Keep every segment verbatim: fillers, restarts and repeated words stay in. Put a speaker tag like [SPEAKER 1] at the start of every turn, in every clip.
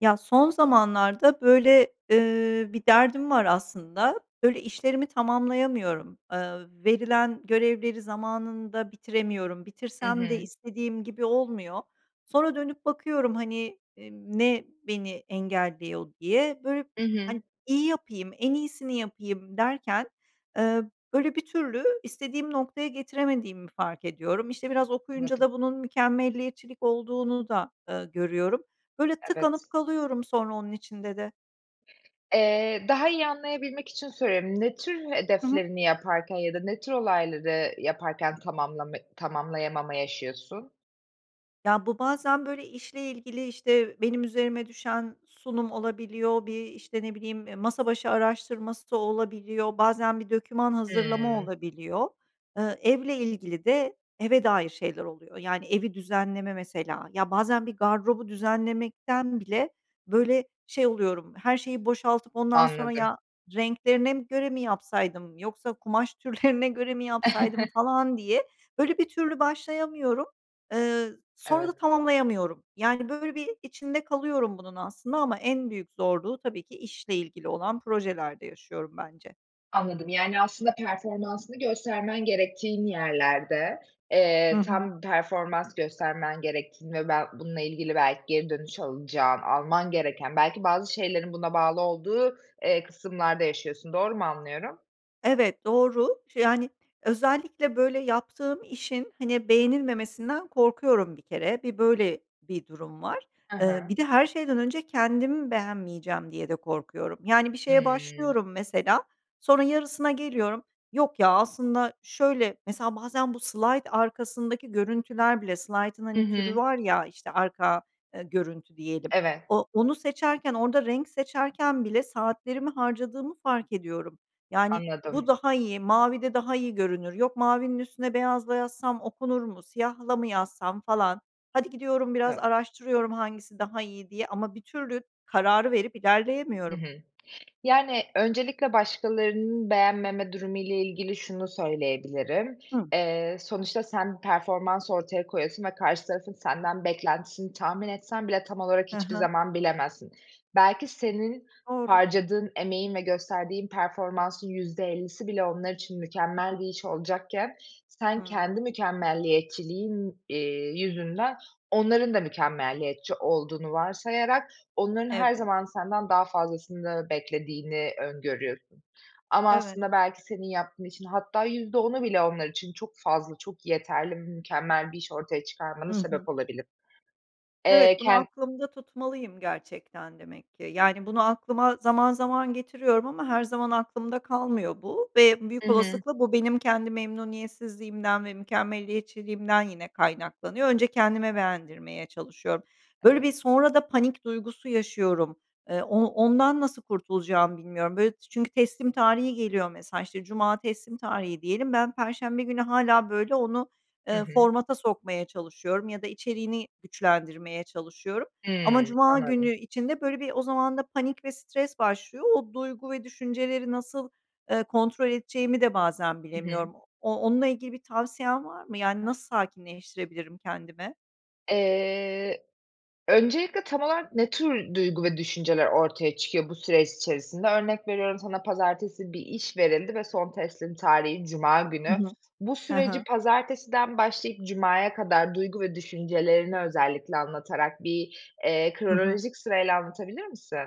[SPEAKER 1] Ya, son zamanlarda, böyle, ııı, bir derdim var, aslında. Böyle, işlerimi tamamlayamıyorum. Eee, verilen görevleri zamanında bitiremiyorum.
[SPEAKER 2] Hı
[SPEAKER 1] Bitirsem de
[SPEAKER 2] hı.
[SPEAKER 1] istediğim gibi olmuyor. Sonra dönüp bakıyorum, hani, emm, ne beni engelliyor, diye. Böyle,
[SPEAKER 2] Hı hı.
[SPEAKER 1] hani, iyi yapayım, en iyisini yapayım, derken, ııı, böyle, bir türlü istediğim noktaya getiremediğimi fark ediyorum. İşte, biraz okuyunca
[SPEAKER 2] Anladım.
[SPEAKER 1] da bunun mükemmeliyetçilik olduğunu da, ııı, görüyorum. Böyle,
[SPEAKER 2] Evet.
[SPEAKER 1] tıkanıp kalıyorum sonra onun içinde de.
[SPEAKER 2] Eee, daha iyi anlayabilmek için soruyorum. Ne tür
[SPEAKER 1] Hı hı.
[SPEAKER 2] hedeflerini yaparken ya da ne tür olayları yaparken tamamlama tamamlayamama yaşıyorsun?
[SPEAKER 1] Ya, bu bazen, böyle, işle ilgili, işte, benim üzerime düşen sunum olabiliyor. Bir, işte, ne bileyim, e, masa başı araştırması da olabiliyor, bazen bir doküman hazırlama
[SPEAKER 2] Hıı.
[SPEAKER 1] olabiliyor. Eee, evle ilgili de, eve dair şeyler oluyor, yani, evi düzenleme mesela. Ya, bazen bir gardırobu düzenlemekten bile, böyle, şey oluyorum, her şeyi boşaltıp ondan sonra,
[SPEAKER 2] Anladım.
[SPEAKER 1] "Ya, renklerine mi göre mi yapsaydım, yoksa kumaş türlerine göre mi yapsaydım?" falan, diye, böyle, bir türlü başlayamıyorum. Eee, sonra da
[SPEAKER 2] Evet.
[SPEAKER 1] tamamlayamıyorum. Yani, böyle, bir içinde kalıyorum bunun aslında ama en büyük zorluğu, tabii ki, işle ilgili olan projelerde yaşıyorum bence.
[SPEAKER 2] Anladım, yani, aslında performansını göstermen gerektiğin yerlerde.
[SPEAKER 1] Hı
[SPEAKER 2] Eee,
[SPEAKER 1] hı.
[SPEAKER 2] tam performans göstermen gerektiğini ve bel bununla ilgili, belki, geri dönüş alacağın, alman gereken, belki bazı şeylerin buna bağlı olduğu, eee, kısımlarda yaşıyorsun. Doğru mu anlıyorum?
[SPEAKER 1] Evet, doğru. Şe yani, özellikle, böyle, yaptığım işin, hani, beğenilmemesinden korkuyorum, bir kere. Bir böyle bir durum var.
[SPEAKER 2] Hı
[SPEAKER 1] Eee,
[SPEAKER 2] hı.
[SPEAKER 1] bir de, her şeyden önce kendim beğenmeyeceğim diye de korkuyorum. Yani, bir şeye
[SPEAKER 2] Hımm.
[SPEAKER 1] başlıyorum, mesela, sonra yarısına geliyorum. "Yok, ya, aslında şöyle" mesela, bazen bu slayt arkasındaki görüntüler bile, slaytın,
[SPEAKER 2] Hı
[SPEAKER 1] hani, türü
[SPEAKER 2] hı.
[SPEAKER 1] var ya, işte, arka, eee, görüntü diyelim,
[SPEAKER 2] Evet.
[SPEAKER 1] o onu seçerken orada renk seçerken bile saatlerimi harcadığımı fark ediyorum. Yani,
[SPEAKER 2] Anladım.
[SPEAKER 1] "Bu daha iyi, mavide daha iyi görünür. Yok, mavinin üstüne beyazla yazsam okunur mu? Siyahla mı yazsam?" falan. Hadi gidiyorum biraz
[SPEAKER 2] Evet.
[SPEAKER 1] araştırıyorum, hangisi daha iyi diye ama bir türlü kararı verip
[SPEAKER 2] Hı
[SPEAKER 1] ilerleyemiyorum.
[SPEAKER 2] hı. Yani, öncelikle başkalarının beğenmeme durumu ile ilgili şunu söyleyebilirim:
[SPEAKER 1] Hı.
[SPEAKER 2] Eee, sonuçta, sen performans ortaya koyuyorsun ve karşı tarafın senden beklentisini tahmin etsen bile tam olarak
[SPEAKER 1] Hı
[SPEAKER 2] hiçbir
[SPEAKER 1] hı.
[SPEAKER 2] zaman bilemezsin. Belki senin
[SPEAKER 1] Doğru.
[SPEAKER 2] harcadığın emeğin ve gösterdiğin performansın yüzde ellisi bile onlar için mükemmel bir iş olacakken sen
[SPEAKER 1] Hımm.
[SPEAKER 2] kendi mükemmeliyetçiliğin, eee, yüzünden onların da mükemmeliyetçi olduğunu varsayarak onların her
[SPEAKER 1] Evet.
[SPEAKER 2] zaman senden daha fazlasını beklediğini öngörüyorsun. Ama,
[SPEAKER 1] Evet.
[SPEAKER 2] aslında, belki senin yaptığın işin hatta yüzde onu bile onlar için çok fazla, çok yeterli, m mükemmel bir iş ortaya çıkarmana
[SPEAKER 1] Hı hı.
[SPEAKER 2] sebep olabilir. Eee,
[SPEAKER 1] Evet, bunu
[SPEAKER 2] ken
[SPEAKER 1] aklımda tutmalıyım gerçekten demek ki. Yani, bunu aklıma zaman zaman getiriyorum ama her zaman aklımda kalmıyor bu ve büyük
[SPEAKER 2] Hı hı.
[SPEAKER 1] olasılıkla bu benim kendi memnuniyetsizliğimden ve mükemmeliyetçiliğimden yine kaynaklanıyor. Önce kendime beğendirmeye çalışıyorum. Böyle
[SPEAKER 2] [unintelligible]
[SPEAKER 1] bir, sonra da panik duygusu yaşıyorum. Eee, o ondan nasıl kurtulacağımı bilmiyorum. Böyle, ç çünkü teslim tarihi geliyor mesela, işte, cuma teslim tarihi diyelim, ben perşembe günü hâlâ, böyle, onu,
[SPEAKER 2] Hı
[SPEAKER 1] eee,
[SPEAKER 2] hı.
[SPEAKER 1] formata sokmaya çalışıyorum ya da içeriğini güçlendirmeye çalışıyorum ama
[SPEAKER 2] Hımm,
[SPEAKER 1] cuma günü
[SPEAKER 2] anladım.
[SPEAKER 1] içinde, böyle bir, o zaman da panik ve stres başlıyor. O duygu ve düşünceleri nasıl, eee, kontrol edeceğimi de bazen
[SPEAKER 2] Hı hı.
[SPEAKER 1] bilemiyorum. O onunla ilgili bir tavsiyen var mı? Yani, nasıl sakinleştirebilirim kendimi?
[SPEAKER 2] Eee, öncelikle tam olarak ne tür duygu ve düşünceler ortaya çıkıyor bu süreç içerisinde? Örnek veriyorum, sana pazartesi bir iş verildi ve son teslim tarihi, cuma
[SPEAKER 1] Hı
[SPEAKER 2] günü.
[SPEAKER 1] hı.
[SPEAKER 2] Bu
[SPEAKER 1] He
[SPEAKER 2] süreci
[SPEAKER 1] he.
[SPEAKER 2] pazartesiden başlayıp cumaya kadar duygu ve düşüncelerini özellikle anlatarak bir, eee,
[SPEAKER 1] Hı hı.
[SPEAKER 2] kronolojik sırayla anlatabilir misin?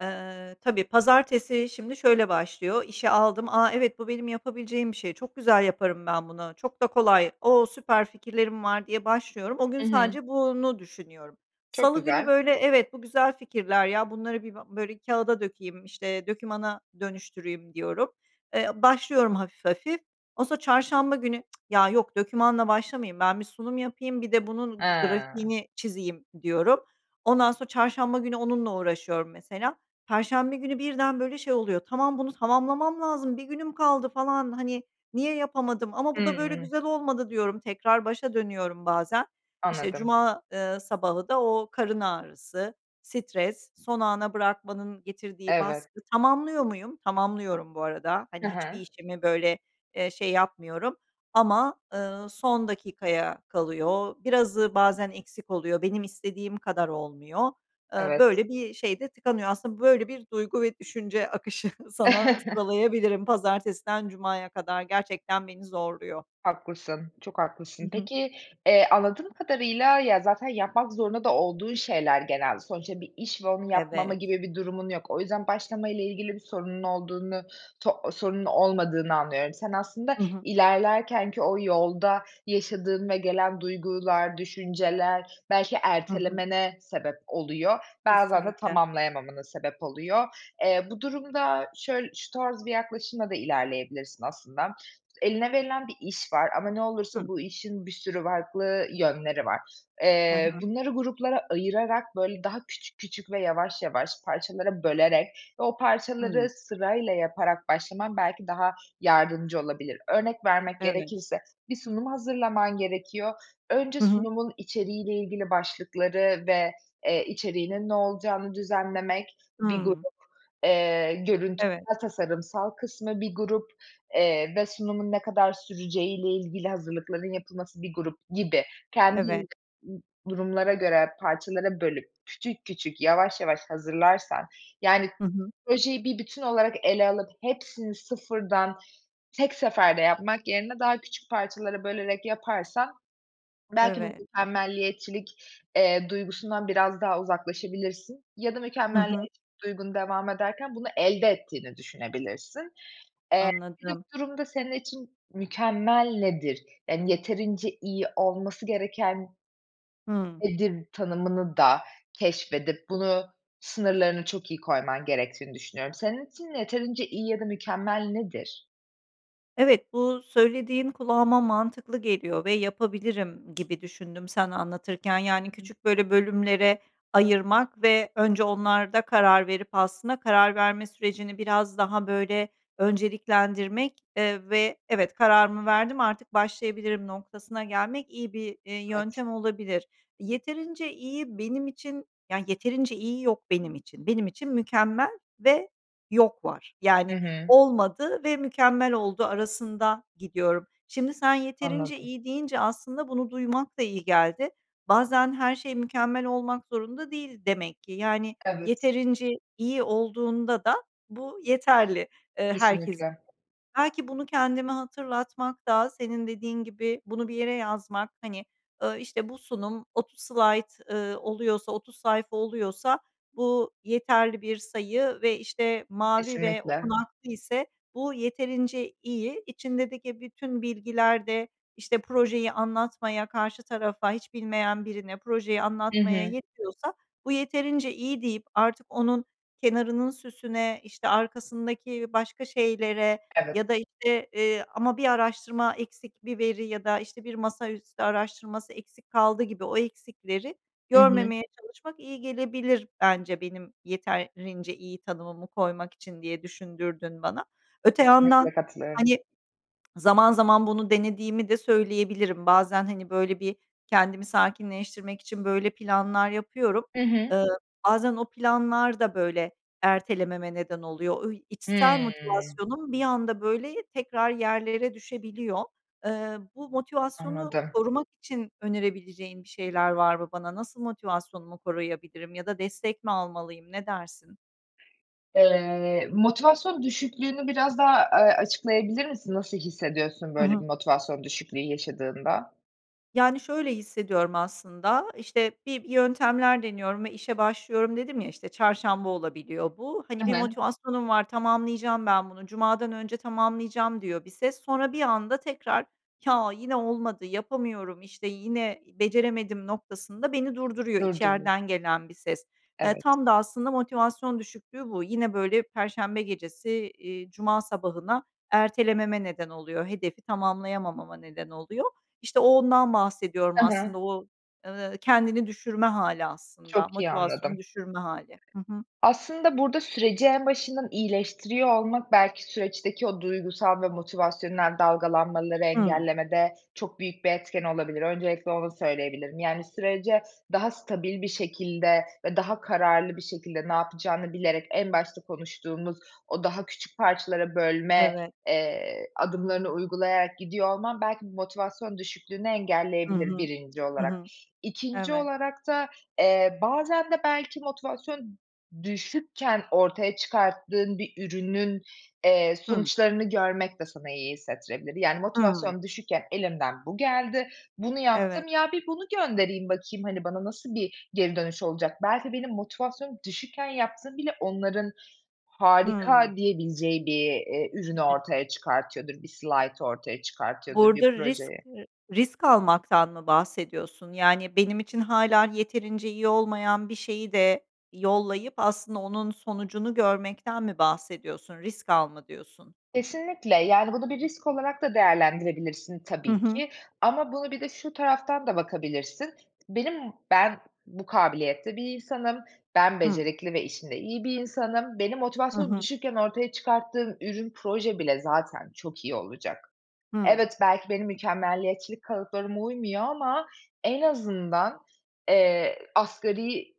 [SPEAKER 1] Eee, tabii. Pazartesi şimdi şöyle başlıyor: İşi aldım, "A, evet bu benim yapabileceğim bir şey, çok güzel yaparım ben bunu, çok da kolay. O, süper fikirlerim var." diye başlıyorum. O gün,
[SPEAKER 2] Hı hı.
[SPEAKER 1] sadece bunu düşünüyorum.
[SPEAKER 2] Çok
[SPEAKER 1] Salı günü,
[SPEAKER 2] güzel.
[SPEAKER 1] böyle, "Evet, bu güzel fikirler ya, bunları bir, be böyle, kâğıda dökeyim, işte, dokümana dönüştüreyim" diyorum. Eee, başlıyorum hafif hafif. Ondan sonra çarşamba günü, "Ya, yok dokümanla başlamayayım, ben bir sunum yapayım, bir de bunun g
[SPEAKER 2] A.
[SPEAKER 1] grafiğini çizeyim." diyorum. Ondan sonra çarşamba günü onunla uğraşıyorum, mesela. Perşembe günü, birden böyle şey oluyor, "Tamam, bunu tamamlamam lazım, bir günüm kaldı, falan, hani, niye yapamadım? Ama
[SPEAKER 2] Hı
[SPEAKER 1] bu da böyle
[SPEAKER 2] hı.
[SPEAKER 1] güzel olmadı." diyorum, tekrar başa dönüyorum bazen. İşte,
[SPEAKER 2] Anladım.
[SPEAKER 1] cuma, eee, sabahı da, o karın ağrısı, stres, son ana bırakmanın getirdiği
[SPEAKER 2] Evet.
[SPEAKER 1] baskı, tamamlıyor muyum? Tamamlıyorum, bu arada.
[SPEAKER 2] Hı
[SPEAKER 1] Hani, hiçbir
[SPEAKER 2] hı.
[SPEAKER 1] işimi, böyle, eee, şey, yapmıyorum ama, ııı, son dakikaya kalıyor. Birazı bazen eksik oluyor, benim istediğim kadar olmuyor. Iıı, böyle
[SPEAKER 2] Evet.
[SPEAKER 1] bir şey de tıkanıyor. Aslında böyle bir duygu ve düşünce akışı sana sıralayabilirim, pazartesinden cumaya kadar gerçekten beni zorluyor.
[SPEAKER 2] Haklısın, çok
[SPEAKER 1] Hı
[SPEAKER 2] haklısın.
[SPEAKER 1] hı.
[SPEAKER 2] Peki, eee, anladığım kadarıyla, ya, zaten yapmak zorunda da olduğun şeyler genelde. Sonuçta bir iş ve onu yapmama
[SPEAKER 1] Evet
[SPEAKER 2] gibi bir durumun yok. O yüzden başlama ile ilgili bir sorunun olduğunu so sorunun olmadığını anlıyorum. Sen, aslında,
[SPEAKER 1] Hı hı.
[SPEAKER 2] ilerlerken ki o yolda yaşadığın ve gelen duygular, düşünceler belki
[SPEAKER 1] Hı hı.
[SPEAKER 2] ertelemene sebep oluyor. Bazen de
[SPEAKER 1] Kesinlikle.
[SPEAKER 2] tamamlayamamana sebep oluyor. Eee, bu durumda şöyl şu tarz bir yaklaşımla da ilerleyebilirsin aslında. Eline verilen bir iş var ama ne
[SPEAKER 1] Hı.
[SPEAKER 2] olursa bu işin bir sürü farklı yönleri var.
[SPEAKER 1] Hı
[SPEAKER 2] Eee,
[SPEAKER 1] hı.
[SPEAKER 2] bunları gruplara ayırarak, böyle, daha küçük küçük ve yavaş yavaş parçalara bölerek ve o
[SPEAKER 1] Hıı.
[SPEAKER 2] parçaları sırayla yaparak başlaman belki daha yardımcı olabilir. Örnek vermek
[SPEAKER 1] Evet.
[SPEAKER 2] gerekirse: Bir sunum hazırlaman gerekiyor. önce
[SPEAKER 1] Hı hı.
[SPEAKER 2] sunumun içeriğiyle ilgili başlıkları ve, eee, içeriğinin ne olacağını düzenlemek bir grup;
[SPEAKER 1] Hıı.
[SPEAKER 2] eee, görünt
[SPEAKER 1] Evet.
[SPEAKER 2] [unintelligible] tasarımsal kısmı, bir grup, eee, ve sunumun ne kadar süreceği ile ilgili hazırlıkların yapılması bir grup gibi.
[SPEAKER 1] Evet.
[SPEAKER 2] Kendin durumlara göre parçalara bölüp küçük küçük, yavaş yavaş hazırlarsan, yani,
[SPEAKER 1] Hı hı.
[SPEAKER 2] projeyi bir bütün olarak ele alıp hepsini sıfırdan tek seferde yapmak yerine daha küçük parçalara bölerek yaparsan belki bu
[SPEAKER 1] Evet.
[SPEAKER 2] mükemmelliyetçilik, eee, duygusundan biraz daha uzaklaşabilirsin. Ya da
[SPEAKER 1] Hı hı.
[SPEAKER 2] mükemmeliyetçilik duygun devam ederken bunu, elde ettiğini düşünebilirsin. Eee, bir de
[SPEAKER 1] Anladım.
[SPEAKER 2] bu durumda, senin için mükemmel nedir? Yani, "Yeterince iyi olması gereken
[SPEAKER 1] Hıı.
[SPEAKER 2] nedir?" tanımını da keşfedip bunu sınırlarını çok iyi koyman gerektiğini düşünüyorum. Senin için yeterince iyi ya da mükemmel nedir?
[SPEAKER 1] Evet, bu söylediğin kulağıma mantıklı geliyor ve yapabilirim gibi düşündüm sen anlatırken. Yani
[SPEAKER 2] [unintelligible]
[SPEAKER 1] küçük, böyle, bölümlere ayırmak ve önce onlarda karar verip aslında karar verme sürecini biraz daha, böyle, önceliklendirmek, eee, ve "Evet, kararımı verdim. Artık başlayabilirim." noktasına gelmek iyi bir, eee,
[SPEAKER 2] Evet.
[SPEAKER 1] yöntem olabilir. Yeterince iyi benim için, yani, yeterince iyi yok benim için. Benim için "mükemmel" ve "yok" var.
[SPEAKER 2] Hı
[SPEAKER 1] Yani,
[SPEAKER 2] hı.
[SPEAKER 1] olmadı ve mükemmel oldu arasında gidiyorum. Şimdi, sen "yeterince
[SPEAKER 2] Anladım.
[SPEAKER 1] iyi" deyince aslında bunu duymak da iyi geldi. Bazen her şey mükemmel olmak zorunda değil demek ki. Yani,
[SPEAKER 2] Evet.
[SPEAKER 1] yeterince iyi olduğunda da bu yeterli, eee, herkes. [unintelligible]
[SPEAKER 2] Kesinlikle.
[SPEAKER 1] Belki bunu kendime hatırlatmak da senin dediğin gibi bunu bir yere yazmak, hani, ııı, işte, bu sunum otuz slayt, eee, oluyorsa, otuz sayfa oluyorsa bu yeterli bir sayı ve, işte, mavi ve
[SPEAKER 2] Kesinlikle.
[SPEAKER 1] okunaklı ise bu yeterince iyi. içindedeki bütün bilgiler de, işte, projeyi anlatmaya, karşı tarafa, hiç bilmeyen birine projeyi
[SPEAKER 2] Hı
[SPEAKER 1] anlatmaya
[SPEAKER 2] hı.
[SPEAKER 1] yetiyorsa, bu yeterince iyi deyip artık onun kenarının süsüne, işte, arkasındaki başka şeylere
[SPEAKER 2] Evet.
[SPEAKER 1] ya da, işte, eee, ama bir araştırma eksik bir veri ya da, işte, bir masaüstü araştırması eksik kaldı gibi o eksikleri
[SPEAKER 2] Hı hı.
[SPEAKER 1] görmemeye çalışmak iyi gelebilir bence benim yetarrince iyi tanımımı koymak için diye düşündürdün bana. Öte yandan,
[SPEAKER 2] Kesinlikle, katılıyorum.
[SPEAKER 1] hani, zaman zaman bunu denediğimi de söyleyebilirim. Bazen, hani, böyle bir, kendimi sakinleştirmek için böyle planlar yapıyorum.
[SPEAKER 2] Hı hı.
[SPEAKER 1] Iıı, bazen o planlar da, böyle, ertelememe neden oluyor. Oy içsel
[SPEAKER 2] Hımm.
[SPEAKER 1] motivasyonum bir anda, böyle, tekrar yerlere düşebiliyor. Eee, bu motivasyonu
[SPEAKER 2] Anladım.
[SPEAKER 1] korumak için önerebileceğin bir şeyler var mı bana? Nasıl motivasyonumu koruyabilirim ya da destek mi almalıyım, ne dersin?
[SPEAKER 2] Eee, motivasyon düşüklüğünü biraz daha, aaa, açıklayabilir misin? Nasıl hissediyorsun
[SPEAKER 1] Hı
[SPEAKER 2] böyle
[SPEAKER 1] hı.
[SPEAKER 2] bir motivasyon düşüklüğü yaşadığında?
[SPEAKER 1] Yani, şöyle hissediyorum aslında, işte, bir yöntemler deniyorum ve işe başlıyorum, dedim ya. İşte, çarşamba olabiliyor bu, hani,
[SPEAKER 2] Hı
[SPEAKER 1] bir
[SPEAKER 2] hı.
[SPEAKER 1] motivasyonum var, "Tamamlayacağım ben bunu, cumadan önce tamamlayacağım." diyor bir ses. Sonra bir anda tekrar, "Ya, yine olmadı. Yapamıyorum, işte, yine beceremedim." noktasında beni durduruyor
[SPEAKER 2] Durduruy
[SPEAKER 1] içeriden gelen bir ses. Eee,
[SPEAKER 2] Evet.
[SPEAKER 1] tam da aslında motivasyon düşüklüğü bu. Yine, böyle, perşembe gecesi, eee, cuma sabahına ertelememe neden oluyor, hedefi tamamlayamama neden oluyor. İşte, o ondan bahsediyorum
[SPEAKER 2] Hı hı.
[SPEAKER 1] aslında o, eee, kendini düşürme hâli, aslında
[SPEAKER 2] Çok iyi
[SPEAKER 1] motivasyonu
[SPEAKER 2] anladım.
[SPEAKER 1] düşürme hâli. Hı hı.
[SPEAKER 2] Aslında burada süreci en başından iyileştiriyor olmak, belki, süreçteki o duygusal ve motivasyonel dalgalanmaları
[SPEAKER 1] Hıı.
[SPEAKER 2] engellemede çok büyük bir etken olabilir. Öncelikle onu söyleyebilirim. Yani, sürece daha stabil bir şekilde ve daha kararlı bir şekilde ne yapacağını bilerek, en başta konuştuğumuz o daha küçük parçalara bölme,
[SPEAKER 1] Evet.
[SPEAKER 2] eee, adımlarını uygulayarak gidiyor olman belki motivasyon düşüklüğünü
[SPEAKER 1] Hı
[SPEAKER 2] engelleyebilir
[SPEAKER 1] hı,
[SPEAKER 2] birinci
[SPEAKER 1] hı
[SPEAKER 2] olarak.
[SPEAKER 1] hı.
[SPEAKER 2] İkinci
[SPEAKER 1] Evet.
[SPEAKER 2] olarak da, eee, bazen de, belki, motivasyon düşükken ortaya çıkarttığın bir ürünün, eee,
[SPEAKER 1] Hı.
[SPEAKER 2] sonuçlarını görmek de sana iyi hissettirebilir. Yani,
[SPEAKER 1] Hımm.
[SPEAKER 2] "Motivasyon düşükken elimden bu geldi, bunu
[SPEAKER 1] Evet.
[SPEAKER 2] yaptım. Ya, bir bunu göndereyim, bakayım. Hani, bana nasıl bir geri dönüş olacak? Belki benim motivasyonum düşükken yaptığım bile onların
[SPEAKER 1] Hıı.
[SPEAKER 2] harika diyebileceği bir, eee, ürünü
[SPEAKER 1] [unintelligible]
[SPEAKER 2] ortaya çıkartıyordur, bir slaytı ortaya çıkartıyordur, bir
[SPEAKER 1] Burada risk
[SPEAKER 2] projeyi."
[SPEAKER 1] r risk almaktan mı bahsediyorsun? Yani, benim için hâlâ yeterince iyi olmayan bir şeyi de yollayıp, aslında, onun sonucunu görmekten mi bahsediyorsun, risk al mı diyorsun?
[SPEAKER 2] Kesinlikle, yani, bunu bir risk olarak da değerlendirebilirsin
[SPEAKER 1] Hı
[SPEAKER 2] tabii
[SPEAKER 1] hı.
[SPEAKER 2] ki ama bunu bir de şu taraftan da bakabilirsin: "Benim ben bu kabiliyette bir insanım, ben
[SPEAKER 1] Hı.
[SPEAKER 2] becerikli ve işinde iyi bir insanım. Benim
[SPEAKER 1] Hı
[SPEAKER 2] motivasyonum
[SPEAKER 1] hı.
[SPEAKER 2] düşükken ortaya çıkarttığım ürün, proje bile zaten çok iyi olacak.
[SPEAKER 1] Hıı.
[SPEAKER 2] Evet, belki, benim mükemmeliyetçilik kalıplarıma uymuyor ama en azından, eee, asgari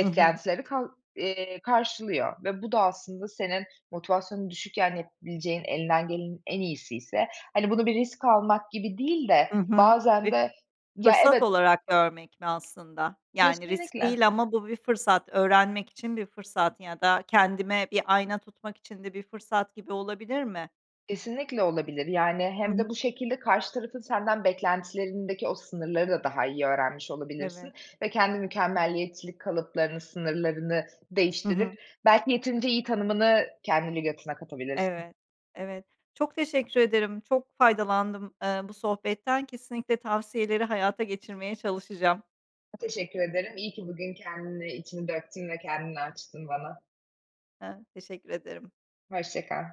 [SPEAKER 1] Hı hı.
[SPEAKER 2] kal eee, karşılıyor." Ve bu da aslında senin motivasyonun düşükken yapılabileceğin, elinden gelenin en iyisi ise, hani, bunu bir risk almak gibi değil de,
[SPEAKER 1] Hı hı.
[SPEAKER 2] bazen
[SPEAKER 1] [unintelligible]
[SPEAKER 2] de ya
[SPEAKER 1] fırsat
[SPEAKER 2] evet
[SPEAKER 1] olarak görmek mi aslında? Yani, risk
[SPEAKER 2] Kesinlikle.
[SPEAKER 1] değil ama bu bir fırsat, öğrenmek için bir fırsat ya da kendime bir ayna tutmak için de bir fırsat gibi olabilir mi?
[SPEAKER 2] Kesinlikle olabilir. Yani,
[SPEAKER 1] Hı
[SPEAKER 2] hem de
[SPEAKER 1] hı.
[SPEAKER 2] bu şekilde karşı tarafın senden beklentilerindeki o sınırları da daha iyi öğrenmiş olabilirsin
[SPEAKER 1] Evet.
[SPEAKER 2] ve kendi mükemmeliyetçilik kalıplarını, sınırlarını
[SPEAKER 1] Hı hı.
[SPEAKER 2] değiştirip belki yeterince iyi tanımını kendi lügatına katabilirsin.
[SPEAKER 1] Evet, evet. Çok teşekkür ederim. Çok faydalandım, eee, bu sohbetten. Kesinlikle tavsiyeleri hayata geçirmeye çalışacağım.
[SPEAKER 2] Teşekkür ederim. İyi ki bugün kendini, içini döktün ve kendini açtın bana.
[SPEAKER 1] Hı, teşekkür ederim.
[SPEAKER 2] Hoşça kal.